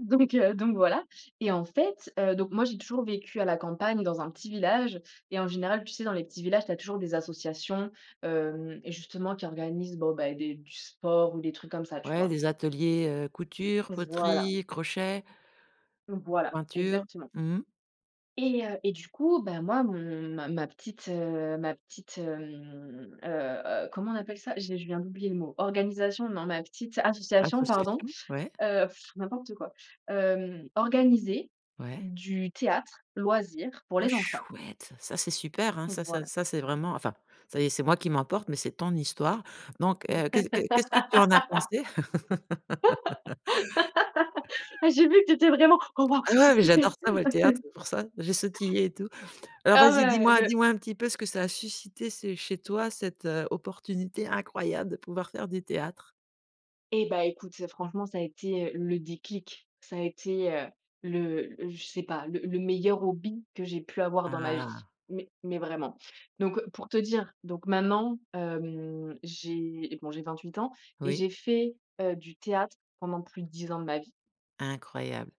Donc heu, donc voilà et en fait, heu, donc moi, j'ai toujours vécu à la campagne dans un petit village, et en général, tu sais, dans les petits villages, tu as toujours des associations, hem, justement qui organisent bon, ben, des du sport ou des trucs comme ça, tu Ouais, vois? des ateliers, heu, couture, Voilà. poterie, crochet Voilà peinture. exactement. Mmh. Et heu, et du coup, ben moi, mon ma ma petite, heu, ma petite, hem, heu heu, comment on appelle ça? J'ai je viens d'oublier le mot, organisation, non, ma petite association pardon, Association, ouais. heu, n'importe quoi, hem, organisait Ouais. du théâtre loisir pour Oh les enfants. chouette! Ça, c'est super, hein, ça ça Voilà. ça c'est vraiment, enfin, ça y est, c'est moi qui m'emporte, mais c'est ton histoire, donc heu, que que qu'est-ce que tu en as pensé? Ah j'ai vu que tu étais vraiment: «Oh waouh! Ah C'est c'est ouais, mais super! j'adore Ah c'est» ça moi le théâtre, c'est pour ça. J'ai sautillé et tout. Alors Ah vas-y, ouais dis-moi beh dis-moi un petit peu ce que ça a suscité ce chez toi cette, heu, opportunité incroyable de pouvoir faire du théâtre? Et bah écoute, c'est franchement, ça a été, heu, le déclic, ça a été, heu, le je sais pas, le le meilleur hobby que j'ai pu avoir dans ma vie, Ah. mais mais vraiment, donc pour te dire donc maintenant, hem, j'ai, bon j'ai 28 ans et Oui. j'ai fait, heu, du théâtre pendant plus de 10 ans de ma vie. Incroyable.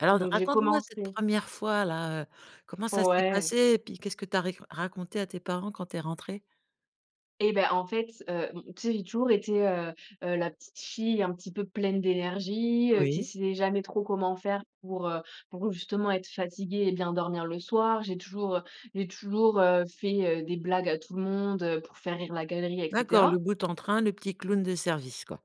Alors, Donc, j'ai raconte-moi cette commencé 1re fois-là, heu, comment ça s'est Ouais. passé? Et puis, qu'est-ce que tu as ri raconté à tes parents quand tu es rentrée? Et bah, en fait, heu, m tu sais, j'ai toujours été, heu heu, la petite fille un petit peu pleine d'énergie, heu, qui Oui. sait jamais trop comment faire pour, heu, pour justement être fatiguée et bien dormir le soir. J'ai toujours, heu, j'ai toujours, heu, fait, heu, des blagues à tout le monde, heu, pour faire rire la galerie et D'accord, le cetera. boute-en-train, le petit clown de service, quoi.